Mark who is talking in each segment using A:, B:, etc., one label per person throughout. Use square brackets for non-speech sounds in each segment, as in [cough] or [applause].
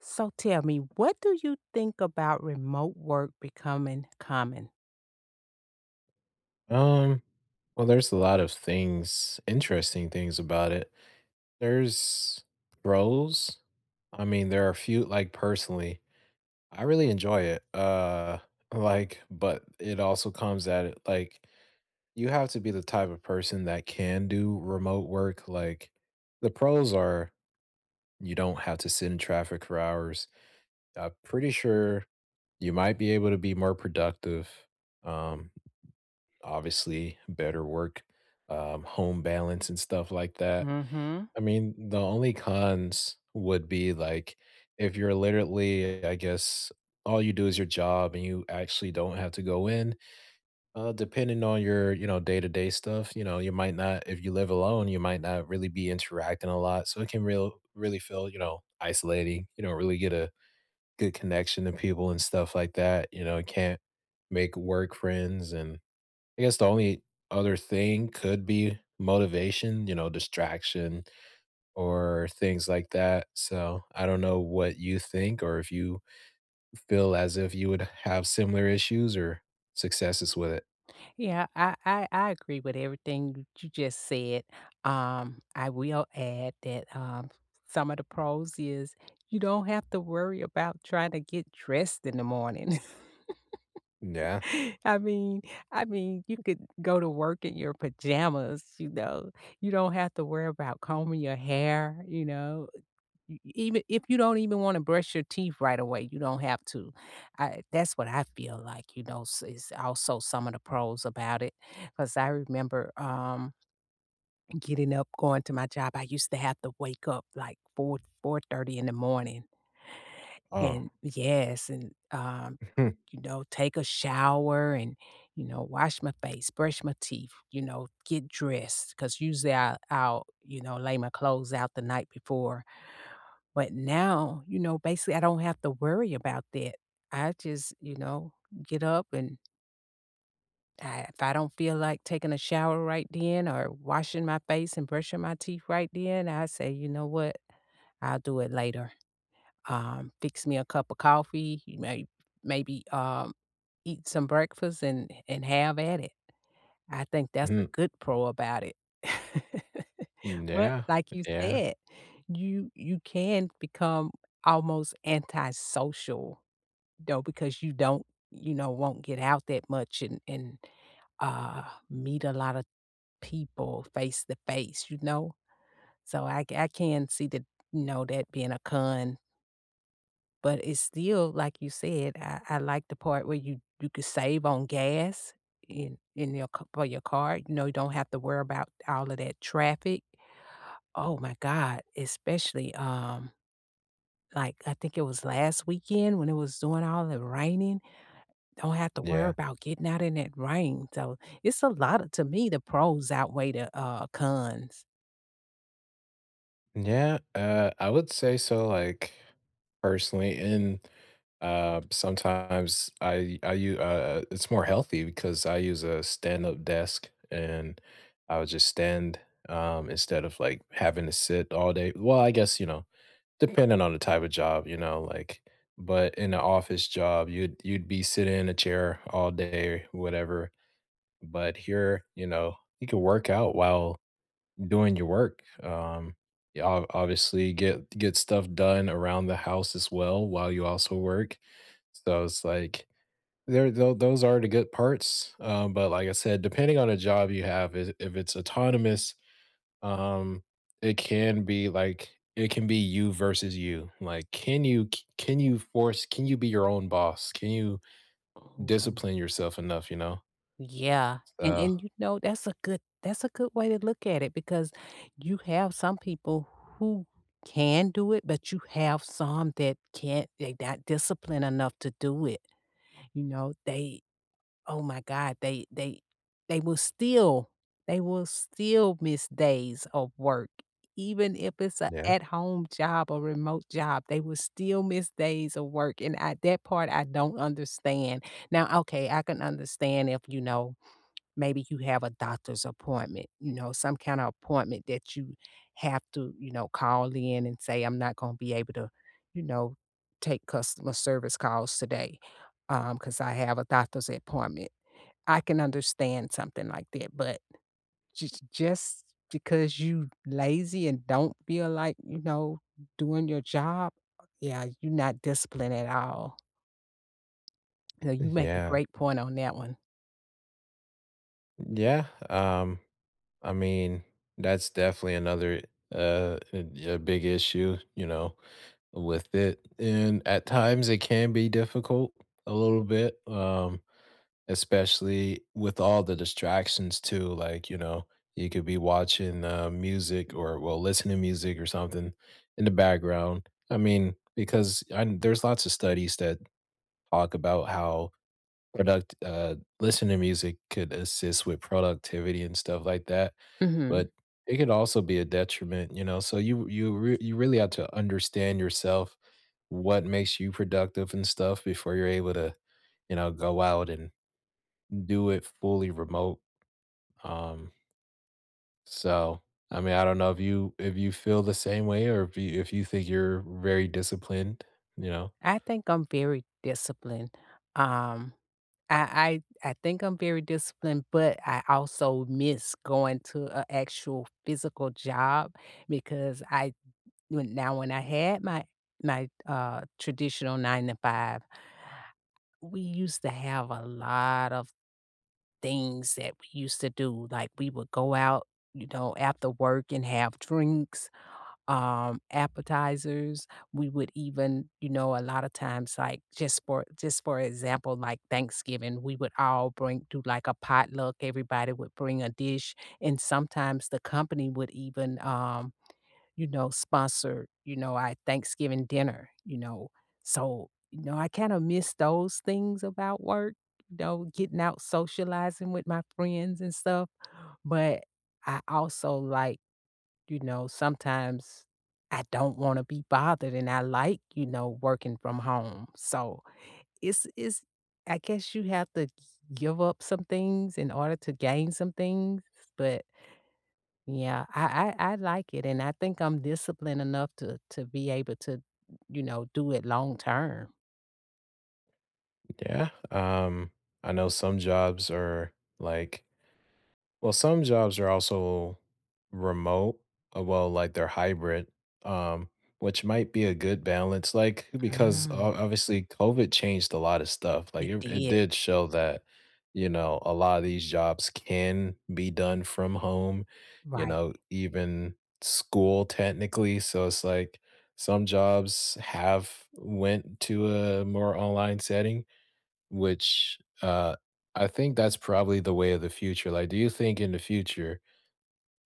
A: So tell me, what do you think about remote work becoming common?
B: Um, well, there's a lot of things, interesting things about it. There's pros, I mean, there are few like, personally, I really enjoy it, uh, like, but it also comes at, like you have to be the type of person that can do remote work, like the pros are you don't have to sit in traffic for hours. I'm pretty sure you might be able to be more productive, um, obviously, better work, um, home balance, and stuff like that.
A: Mhm.
B: I mean, the only cons would be, like, if you're literally I guess, all you do is your job and you actually don't have to go in, uh, depending on your, you know, day-to-day stuff, you know, you might not if you live alone, you might not really be interacting a lot, so it can real really feel, you know, isolating, you know, really get a good connection to people and stuff like that, you know, it can't make work friends, and I guess the only other thing could be motivation, you know, distraction or things like that. So I don't know what you think or if you f feel as if you would have similar issues or successes with it.
A: Yeah. I I I agree with everything you just said, um, I will add that, um, some of the pros is you don't have to worry about trying to get dressed in the morning.
B: N yeah.
A: [laughs] I mean I mean, you could go to work in your pajamas, you know, you don't have to worry about combing your hair, you know? E even if you don't even wanna brush your teeth right away, you don't have to, I that's what I feel like, you know, is also some of the pros about it. 'Cause I remember, um, getting up, going to my job, I used to have to wake up, like, 4:00, 4:30 in the morning.
B: Oh.
A: And yes, and, um,
B: [chuckles]
A: you know, take a shower and, you know, wash my face, brush my teeth, you know, get dressed, 'cause, usually, I I'll, you know, lay my clothes out the night before, but now, you know, basically, I don't have to worry about that. I just, you know, get up and I if I don't feel like taking a shower right then or washing my face and brushing my teeth right then, I say, "You know what? I'll do it later." Um, fix me a cup of coffee. May maybe, um, eat some breakfast and and have at it. I think that's a
B: Hmm.
A: good pro about it. [laughs]
B: Mm,
A: But
B: yeah,
A: like you
B: yeah.
A: said, you you can become almost antisocial, though, because you don't, you know, won't get out that much and and, uh, meet a lot of people face to face, you know? So I c I can see that, you know, that being a con. But it's still, like you said, I I like the part where you you could save on gas in in your ca for your car, you know, you don't have to worry 'bout all of that traffic. Oh my god, especially, um, like, I think it was last weekend when it was doing all the raining? Don't have to
B: Yeah.
A: worry 'bout getting out in that rain, so, it's a lotta to me, the pros outweigh the, uh, cons.
B: Yeah, uh, I would say so, like, personally, and, uh, sometimes I I u I, uh It's more healthy because I use a stand up desk and I would just stand, um, instead of, like, having to sit all day well, I guess, you know, depending on the type of job, you know, like but in a office job, you'd you'd be sitting in a chair all day, or whatever. But here, you know, you could work out while doing your work, um, you obv obviously get get stuff done around the house as well while you also work. So, it's, like, there though those are the good parts, um, but like I said, depending on a job you have is i if it's autonomous, um, it can be, like, it can be you versus you, like, can you ca can you force can you be your own boss, can you
A: Oh.
B: discipline yourself enough, you know?
A: Yeah, and
B: So
A: and, you know, that's a good that's a good way to look at it because you have some people who can do it, but you have some that can't, they not disciplined enough to do it. You know, they oh my god, they they they will still they will still miss days of work, even if it's a
B: Yeah.
A: at home job or remote job, they will still miss days of work, and at that part, I don't understand. Now, okay, I can understand if, you know, maybe you have a doctor's appointment, you know, some kinda appointment that you have to, you know, call in and say, "I'm not gonna be able to, you know, take customer service calls today, um, 'cause I have a doctor's appointment." I can understand something like that, but jus just because you lazy and don't feel like, you know, doing your job, yeah, you not disciplined at all. So you
B: [chuckles]
A: make a
B: Yeah.
A: great point on that one.
B: Yeah, um, I mean, that's definitely another, uh, a a big issue, you know, with it. And at times, it can be difficult a little bit, um, especially with all the distractions too. Like, you know, you could be watching, um, music or, well, listen to music or something in the background. I mean, because and there's lots of studies that talk about how product uh, listen to music could assist with productivity and stuff like that,
A: Mhm.
B: but it could also be a detriment, you know? So you you r you really have to understand yourself, what makes you productive and stuff before you're able to, you know, go out and do it fully remote. Um So, I mean, I don't know if you if you feel the same way or if you if you think you're very disciplined, you know?
A: I think I'm very disciplined. Um, I I I think I'm very disciplined, but I also miss going to a actual physical job because I when now when I had my my, uh, traditional 9 to 5 we used to have a lot of things that we used to do. Like, we would go out, you know, after work and have drinks, um, appetizers. We would even, you know, a lotta times, like, just for just for example, like, Thanksgiving, we would all bring do, like, a potluck, everybody would bring a dish, and sometimes the company would even, um, you know, sponsor, you know, a Thanksgiving dinner, you know? So, you know, I kinda miss those things about work, though, getting out socializing with my friends and stuff. But I also like, you know, sometimes I don't wanna be bothered, and I like, you know, working from home. So it’s it's I guess you have to give up some things in order to gain some things, but yeah, I I I like it, and I think I'm disciplined enough to to be able to, you know, do it long term.
B: Yeah, um, I know some jobs are, like well, some jobs are also remote. Well, like, they're hybrid, um, which might be a good balance, like because,
A: Mm.
B: o obviously, COVID changed a lot of stuff, like,
A: It
B: it re it
A: did.
B: did show that, you know, a lotta these jobs can be done from home, you
A: Right.
B: know, even school technically. So it's, like, some jobs have went to a more online setting, which, uh, I think that's probably the way of the future, like, do you think in the future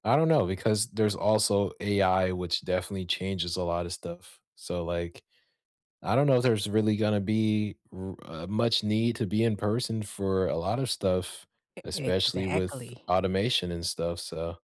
B: I don't know, because there's also AI, which definitely changes a lot of stuff. So, like, I don't know if there's really gonna be r uh much need to be in person for a lot of stuff,
A: E
B: especially with
A: exactly.
B: automation and stuff. So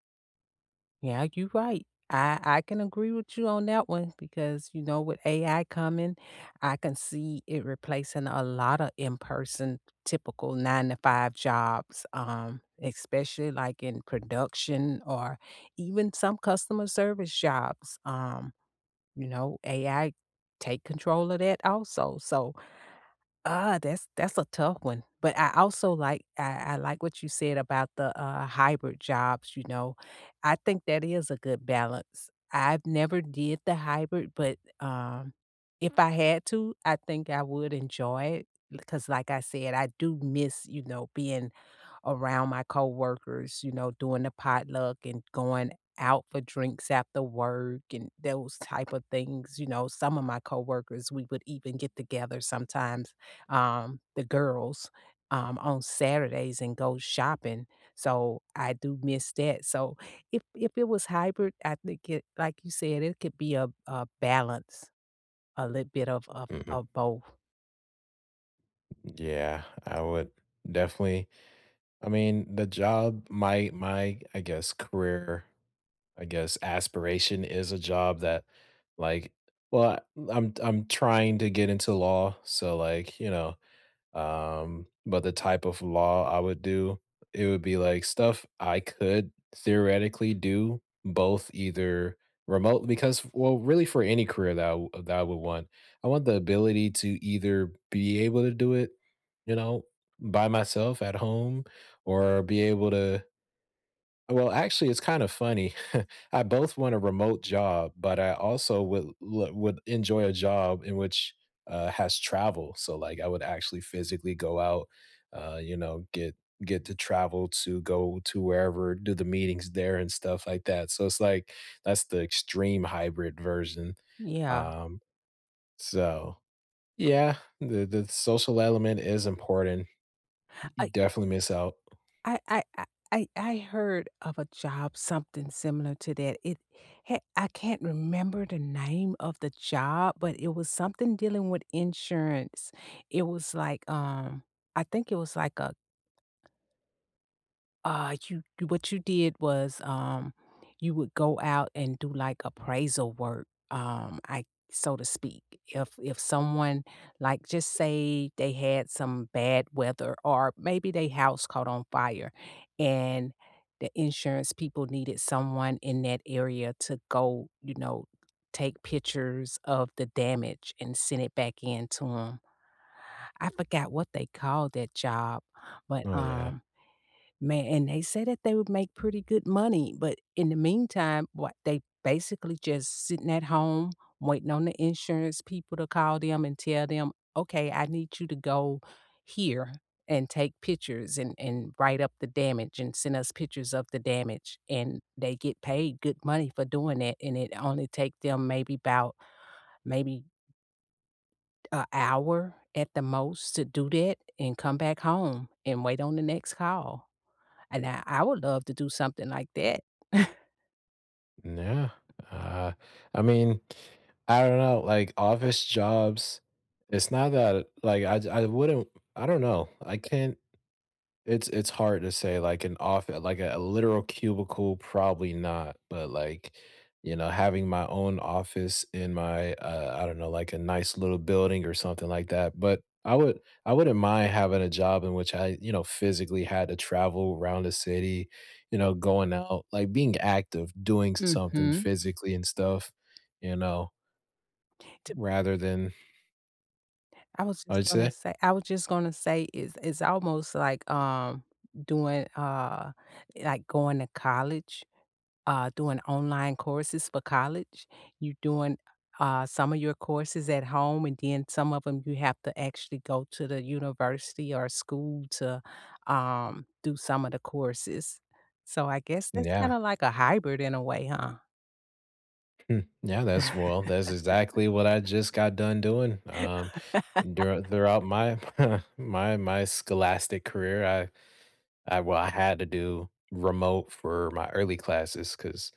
A: Yeah, you're right, I I can agree with you on that one because, you know, with AI coming, I can see it replacing a lotta in person, typical 9-to-5 jobs, um, especially, like, in production or even some customer service jobs, um, you know, AI take control of that also, so uh, that's that's a tough one. But I also like I I like what you said about the, uh, hybrid jobs, you know? I think that is a good balance. I've never did the hybrid, but, um, if I had to, I think I would enjoy it, 'cause like I said, I do miss, you know, being around my coworkers, you know, doing the potluck and going out for drinks after work and those type of things, you know? Some of my coworkers, we would even get together sometimes, um- the girls- um, on Saturdays and go shopping. So I do miss that. So if if it was hybrid, I think it like you said, it could be a a balance, a little bit of of
B: Mhm.
A: of both.
B: Yeah, I would definitely I mean, the job my my, I guess, career I guess, aspiration is a job that, like well, l I'm I'm trying to get into law. So, like, you know, um, but the type of law I would do, it would be, like, stuff I could theoretically do, both either remote because well, really for any career that I w that I would want. I want the ability to either be able to do it, you know, by myself at home, or be able to well, actually, it's kinda funny. [chuckles] I both want a remote job, but I also would l would enjoy a job in which, uh, has travel. So, like, I would actually physically go out, uh, you know, get get to travel to go to wherever; do the meetings there and stuff like that. So it's like, that's the extreme hybrid version.
A: Yeah.
B: Um, so, yeah, the the social element is important. Y you
A: I
B: definitely miss out.
A: I I I I I heard of a job something similar to that. It ha I can't remember the name of the job, but it was something dealing with insurance. It was like, um, I think it was like a Ah, you you what you did was, um, you would go out and do, like, appraisal work, um, I so to speak. If if someone like, just say they had some bad weather or maybe they house caught on fire and the insurance people needed someone in that area to go, you know, take pictures of the damage and send it back in to 'em. I forgot what they called that job. But,
B: Oh, yeah.
A: um man and they said that they would make pretty good money, but in the meantime, what, they basically just sitting at home waiting on the insurance people to call them and tell them, "Okay, I need you to go here and take pictures, and and write up the damage, and send us pictures of the damage." And they get paid good money for doing that, and it only take them maybe 'bout, maybe a hour at the most to do that, and come back home, and wait on the next call. And I I would love to do something like that. [chuckles]
B: Nah. Ah, I mean, I dunno. Like, office jobs it's not that, like, I j I wouldn't I don't know. I can't it's it's hard to say, like, an off like, a literal cubicle, probably not, but, like, you know, having my own office in my, uh I don't know, like, a nice little building or something like that, but I would I wouldn't mind having a job in which I, you know, physically had to travel 'round the city, you know, going out, like, being active, doing something
A: Mhm.
B: physically and stuff, you know
A: To
B: rather than
A: I was just
B: What’d ya
A: gonna
B: say?
A: say I was just gonna say is it's almost like, um, doing, uh like, going to college, uh, doing online courses for college. You doing, u uh, some of your courses at home, and then some of ‘em you have to actually go to the university or school to, um, do some of the courses. So, I guess that's
B: Yeah.
A: kinda like a hybrid in a way, huh?
B: Mm, yeah, that's well, that's exactly what I just got done doing, um, duri throughout my
A: [laughs]
B: [chuckles] my my scholastic career, I I well, I had to do remote for my early classes 'cause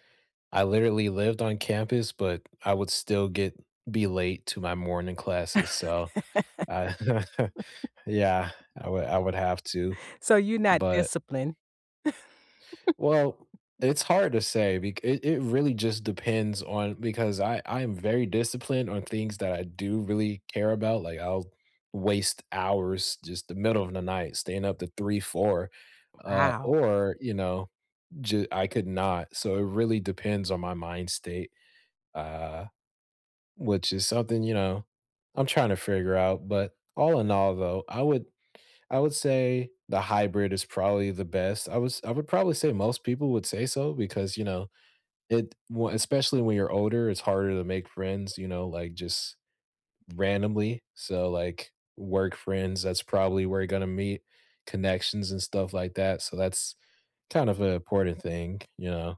B: I literally lived on campus, but I would still get be late to my morning classes. So, I [chuckles]
A: [laughs]
B: yeah, I would I would have to.
A: So you're not
B: But
A: disciplined. [laughs]
B: Well, it's hard to say. Bec it it really just depends on because I I'm very disciplined on things that I do really care about. Like, I'll waste hours just the middle of the night staying up to 3, 4, uh,
A: Wow.
B: or, you know, j I could not. So, it really depends on my mind's state, uh, which is something, you know, I'm trying to figure out. But all in all, though, I would I would say the hybrid is probably the best. I was I would probably say most people would say so because, you know, it w especially when you're older, it's harder to make friends, you know, like, just randomly. So, like, work friends, that's probably where you're gonna meet, connections and stuff like that. So, that's kind of a important thing. You know?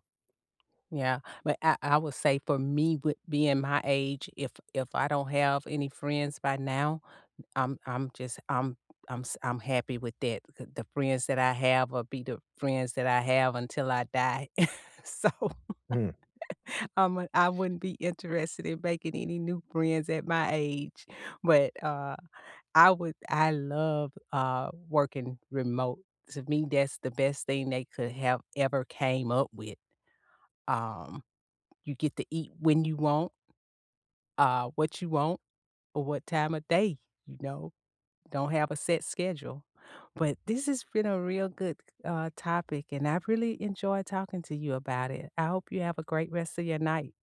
A: Yeah. But I I would say for me, with being my age, if if I don't have any friends by now, I'm I'm just I'm I'm s I'm happy with that. The the friends that I have will be the friends that I have until I die. [chuckles] So,
B: Mm.
A: [laughs] I'm a I wouldn't be interested in making any new friends at my age, but, uh, I would I love, uh, working remote. To me, that's the best thing they could have ever came up with. Um, you get to eat when you want uh, what you want, or what time of day, you know? Don't have a set schedule. But this has been a real good, uh, topic, and I've really enjoyed talking to you about it. I hope you have a great rest of your night.